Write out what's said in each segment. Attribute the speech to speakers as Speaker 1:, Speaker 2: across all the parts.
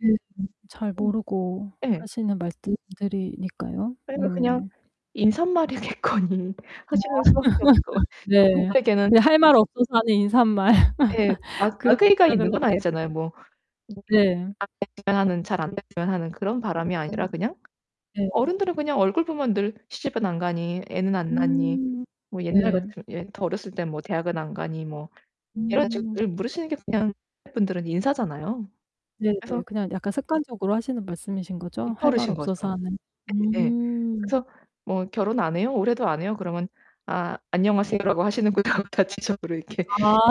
Speaker 1: 네네. 잘
Speaker 2: 음.
Speaker 1: 모르고
Speaker 2: 예.
Speaker 1: 하시는 말씀들이니까요.
Speaker 2: 아니 뭐 그냥
Speaker 1: 음.
Speaker 2: 인사말이겠거니
Speaker 1: 아.
Speaker 2: 하시는 수 밖에 없을 것 같아요.
Speaker 1: 네
Speaker 2: 저분들에게는
Speaker 1: 그냥 할 말 없어서 하는 인사말.
Speaker 2: 네, 악
Speaker 1: 그렇게
Speaker 2: 악의가
Speaker 1: 생각할
Speaker 2: 있는 건
Speaker 1: 수 도 [unintelligible]
Speaker 2: 아니잖아요. 뭐. [unintelligible]
Speaker 1: 네.
Speaker 2: 잘 안됐으면 하는 그런 바람이
Speaker 1: 음
Speaker 2: 아니라 그냥
Speaker 1: 네.
Speaker 2: 어른들은 그냥 얼굴 보면 늘 "시집은 안 가니, 애는 안 낳았니."
Speaker 1: 음
Speaker 2: 뭐 옛날
Speaker 1: 네.
Speaker 2: 같으면 더 어렸을 땐 뭐 "대학은 안 가니." 뭐 이런
Speaker 1: 음.
Speaker 2: 식으로 물으시는 게 그냥 분들은 인사잖아요.
Speaker 1: 네, 네.
Speaker 2: 그래서
Speaker 1: 그냥 약간 습관적으로 하시는 말씀이신거죠? 할 말 없어서
Speaker 2: 입버릇인거죠.
Speaker 1: 하는.
Speaker 2: 예
Speaker 1: 음.
Speaker 2: 그래서 "뭐 결혼 안 해요? 올해도 안 해요?" 그러면 아 '안녕하세요 라고 하시는구나.' 다 지적으로 이렇게
Speaker 1: 아.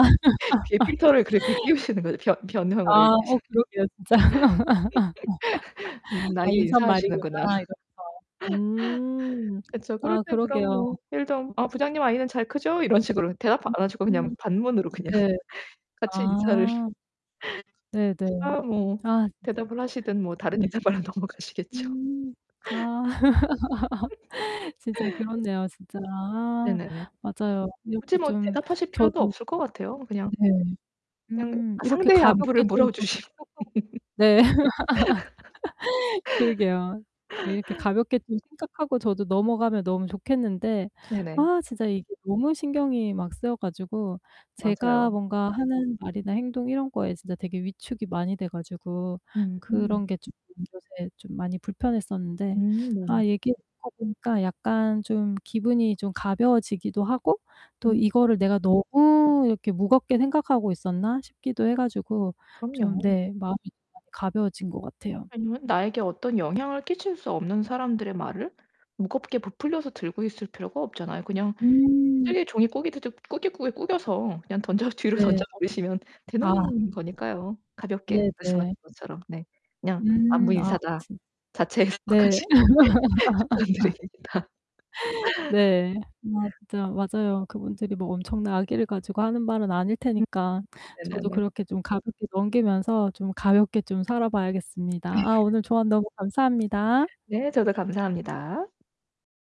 Speaker 2: 필터를 그렇게 끼우시는 거죠. 변 변형을
Speaker 1: 아 어 그러게요 진짜. '아,
Speaker 2: 나에게 인사하시는구나.
Speaker 1: 인사말이구나.'이러면서. 음.
Speaker 2: 그쵸. 그럴
Speaker 1: 아,
Speaker 2: 땐 그럼
Speaker 1: 그러게요.
Speaker 2: 뭐 일도 "부장님 아이는 잘 크죠?" 이런 식으로 대답
Speaker 1: 음
Speaker 2: 안 하시고 그냥
Speaker 1: 음.
Speaker 2: 반문으로 그냥
Speaker 1: 네.
Speaker 2: 같이 인사를
Speaker 1: 아. 네네.
Speaker 2: 아 뭐
Speaker 1: 아 진짜
Speaker 2: 대답을 하시든 뭐 다른
Speaker 1: 그러네요.
Speaker 2: 인터뷰로 넘어가시겠죠.
Speaker 1: 음 아. 진짜 그렇네요. 진짜 아
Speaker 2: 네네네.
Speaker 1: 맞아요.
Speaker 2: 굳이
Speaker 1: 이렇게
Speaker 2: 뭐
Speaker 1: 좀
Speaker 2: 대답하실 필요도
Speaker 1: 저도
Speaker 2: 없을 것 같아요. 그냥
Speaker 1: 네.
Speaker 2: 그냥
Speaker 1: 음 이렇게
Speaker 2: 상대의 안부를
Speaker 1: 가볍게 좀
Speaker 2: 물어 주시
Speaker 1: [unintelligible] 네. 네. 그러게요. 네. 이렇게 가볍게 좀 생각하고 저도 넘어가면 너무 좋겠는데
Speaker 2: 네 네.
Speaker 1: 아 진짜 이게 너무 신경이 막 쓰여 가지고 제가
Speaker 2: 맞아요.
Speaker 1: 뭔가 하는 말이나 행동 이런 거에 진짜 되게 위축이 많이 돼 가지고
Speaker 2: 음흠.
Speaker 1: 그런 게 좀 요새 좀 많이 불편했었는데
Speaker 2: 음. 네.
Speaker 1: 아 얘기하다 보니까 약간 좀 기분이 좀 가벼워지기도 하고 또
Speaker 2: 음.
Speaker 1: '이거를 내가 너무 이렇게 무겁게 생각하고 있었나.' 싶기도 해가지고 좀
Speaker 2: 그럼요.
Speaker 1: 네 마음이 가벼워진 것 같아요.
Speaker 2: 아니면 나에게 어떤 영향을 끼칠 수 없는 사람들의 말을 무겁게 부풀려서 들고 있을 필요가 없잖아요. 그냥
Speaker 1: 음.
Speaker 2: 쓰게 종이 꾸깃드디 꾸깃꾸깃 꾸겨서 그냥 던져 뒤로 던져
Speaker 1: 네.
Speaker 2: 버리시면
Speaker 1: 아.
Speaker 2: 되는 거니까요. 가볍게
Speaker 1: 네
Speaker 2: 말씀하신
Speaker 1: 네.
Speaker 2: 것처럼 네. 그냥 '안부
Speaker 1: 음 아.
Speaker 2: 인사다.'
Speaker 1: 네.
Speaker 2: 자체해석하시길 추천드립니다.
Speaker 1: 네. 맞아 맞아요. 그분들이 뭐 엄청난 악의를 가지고 하는 말은 아닐
Speaker 2: 음.
Speaker 1: 테니까
Speaker 2: 네 네
Speaker 1: 저도
Speaker 2: 네.
Speaker 1: 그렇게 좀 가볍게 넘기면서 좀 가볍게 좀 살아 봐야겠습니다.
Speaker 2: 네.
Speaker 1: 아 오늘 조언 너무 감사합니다.
Speaker 2: 네, 저도 감사합니다.